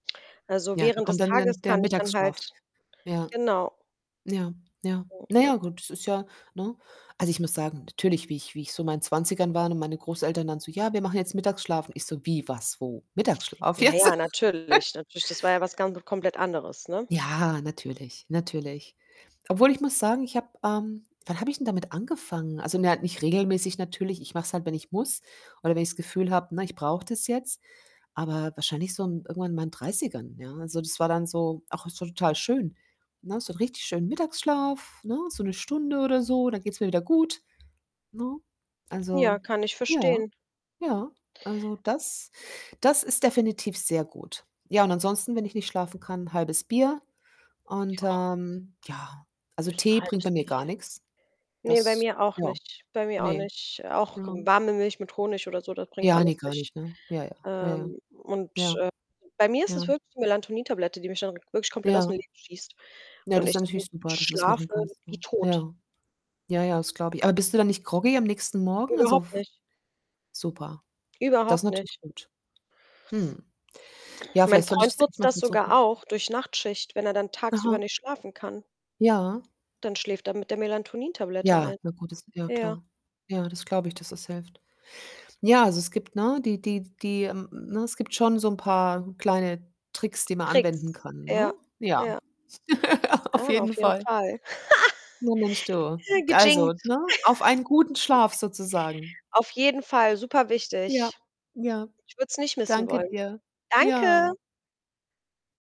Also, Ja, da während kommt des dann Tages dann der kann ich dann halt Mittagsschlaf. Ja, genau. ja, ja. Na [unintelligible] ja, gut, das ist ja ne? Also, ich muss sagen, natürlich, wie ich wie ich so in meinen 20ern war und meine Großeltern dann so: „Ja, wir machen jetzt Mittagsschlaf.“ Und ich so: „Wie? Was? Wo? Mittagsschlaf, Ja, jetzt?“ ja, natürlich, natürlich. Das war ja was gan komplett anderes, ne? Ja, natürlich, natürlich. Obwohl ich muss sagen, ich habe, ähm wann habe ich denn damit angefangen? Also, na ja, nicht regelmäßig natürlich. Ich mache es halt, wenn ich muss, oder wenn ich's Gefühl habe, ne, ich brauche das jetzt. Aber, wahrscheinlich so m irgendwann in meinen 30ern, ja. Also, das war dann so: „Ach, ist ja total schön.“ Ne, so 'n richtig schönen Mittagsschlaf, ne? So 1 Stunde, oder so, dann geht's mir wieder gut. Ne? Ja, Also kann ich ja, verstehen. ja. Also, das das ist definitiv sehr gut. Ja, und ansonsten, wenn ich nicht schlafen kann, 1/2 Bier und, Ja. ähm, ja. Also, Höchstens 'n Tee bringt bei 1/2 mir gar Bierchen. nix. Ne, bei Das mir auch ja. nicht. Bei mir auch Ne. nicht. Auch Ja. warme Milch mit Honig, oder so, das bringt Ja, ne, alles gar nicht. nicht, ne? Ja, ja, ja, ja. Ähm. Ja. Und, äh, bei mir ist Ja. es wirklich die Melatonin- Tablette, die mich dann wirklich komplett aus'm Ja. Leben schießt. Ja, Und das ist ich dann dann natürlich super, dass du das machen schlafe kannst, wie ne? tot. Ja. Ja, ja, das glaube ich. Aber, bist du dann nicht groggy am nächsten Morgen? Also, Überhaupt f nicht. super. Das Überhaupt natürlich nicht. gut. Mhm. Ja, Mein vielleicht sollte ich Freund das echt nutzt mal das sogar versuchen. auch, durch Nachtschicht, wenn er dann tagsüber Aha. nicht schlafen kann. Ja. Dann schläft er mit der Melatonin- Tablette Ja, ein. na gut, das ja Ja. klar. Ja, das glaube ich, dass das hilft. Ja, also es gibt, ne die die die ähm, ne? Es gibt schon so 'n paar kleine Tricks, die man anwenden Tricks, kann, ne? ja, Ja, ja. auf Ah, auf jeden jeden Fall. Fall. Na Mensch, [unintelligible] du. Also, ne? Auf einen guten Schlaf, sozusagen. Auf jeden Fall, super Ja. wichtig. Ja. Ich würde es nicht missen Danke wollen. dir. Danke. Ja.